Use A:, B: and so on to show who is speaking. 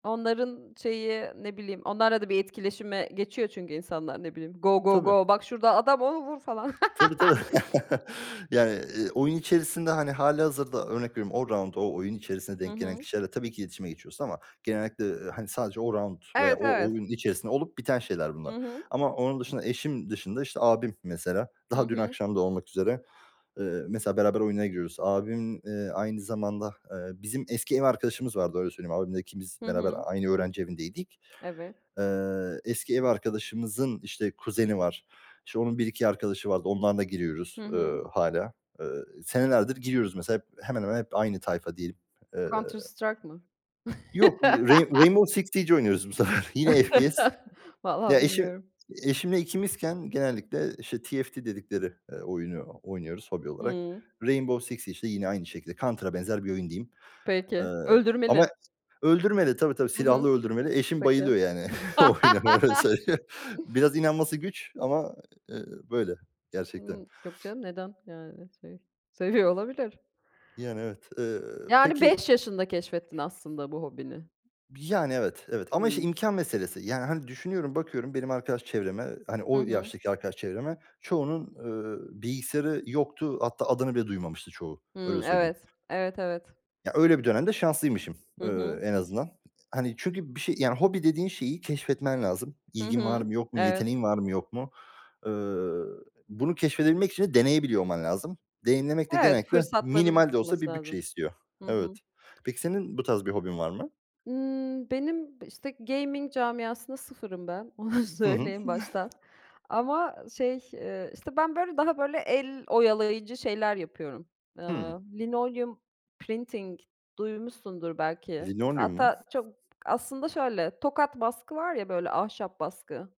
A: Onların şeyi ne bileyim, onlarla da bir etkileşime geçiyor çünkü insanlar. Ne bileyim, "Go, go,
B: Tabii.
A: go. Bak şurada adam, onu vur." falan.
B: Tabii, tabii. Yani, eee, oyun içerisinde, hani, hâlihazırda örnek veriyorum, o raunt o oyun içerisinde
A: Hı
B: denk gelen
A: hı.
B: kişilerle tabii ki iletişime geçiyorsun ama genellikle, hani, eee sadece o raunt veya
A: Evet,
B: o
A: evet.
B: oyun içerisinde olup biten şeyler
A: Hı
B: bunlar.
A: hı.
B: Ama onun dışında, eşim dışında, işte, abim mesela.
A: Hı
B: Daha dün
A: hı.
B: akşam da olmak üzere, eee, mesela beraber oyunlara giriyoruz. Abim, eee, aynı zamanda Eee, bizim eski ev arkadaşımız vardı, öyle söyleyeyim. Abimle ikimiz
A: Hı
B: beraber
A: hı.
B: aynı öğrenci evindeydik.
A: Evet.
B: Eee, eski ev arkadaşımızın, işte, kuzeni var. İşte, onun 1-2 arkadaşı vardı. Onlarla da
A: Hı
B: giriyoruz, eee,
A: hı.
B: hâlâ. Eee, senelerdir giriyoruz mesela hep hemen hemen hep aynı tayfa diyelim. Eee.
A: Counter Strike mı?
B: Yok, Rai Rainbow Six Siege oynuyoruz bu sefer. Yine FPS.
A: Valla
B: Ya eşim
A: bilmiyorum.
B: eşimle ikimizken genellikle, işte, TFT dedikleri, eee, oyunu oynuyoruz hobi olarak.
A: Hımm.
B: Rainbow Six, işte, yine aynı şekilde. Counter'a benzer bir oyun diyeyim.
A: Peki.
B: Iıı, ama
A: Öldürmeli?
B: öldürmeli. Tabii, tabii.
A: Hı hı.
B: silahlı öldürmeli. Eşim
A: Peki.
B: bayılıyor, yani, o oyuna, öyle söyleyeyim. Biraz inanması güç ama, eee, böyle gerçekten.
A: Imm. Yok canım, neden? Yani, şey, seviyor olabilir.
B: Yani, evet. Eee,
A: Yani
B: peki
A: 5 yaşında keşfettin aslında bu hobini.
B: B Yani, evet, evet. Ama, işte,
A: Hımm.
B: imkân meselesi. Yani, hani, düşünüyorum, bakıyorum benim arkadaş çevreme, ııı, hani,
A: Hı
B: o
A: hı.
B: yaştaki arkadaş çevreme. Çoğunun, eee, bilgisayarı yoktu. Hatta adını bile duymamıştı çoğu, öyle
A: Hımm,
B: söyleyeyim.
A: evet. Evet, evet.
B: Ya, öyle bir dönemde şanslıymışım,
A: Hı
B: eee,
A: hı.
B: en azından. Hani, çünkü bir şey yani, hobi dediğin şeyi keşfetmen lazım.
A: Hı
B: İlgin var
A: hı.
B: mı, yok mu?
A: Evet.
B: Yeteneğin var mı, yok mu? Eee, bunu keşfedebilmek için de deneyebiliyor olman lazım. Deneyimlemek de
A: Evet,
B: genellikle
A: fırsatların
B: minimal de olsa
A: çıkması
B: bir bütçe
A: lazım.
B: istiyor.
A: Hı
B: Evet.
A: hı.
B: Peki senin bu tarz bir hobin var mı?
A: Ιmm, benim, işte, gaming camiasında sıfırım ben, onu
B: Hı hı.
A: söyleyeyim baştan. Ama şey, eee, işte, ben, böyle, daha, böyle, el oyalayıcı şeyler yapıyorum. Eee,
B: Hımm.
A: linoleum printing, duymuşsundur belki.
B: Linolyum mu?
A: Hatta çok Aslında şöyle, tokat baskı var ya böyle ahşap baskı.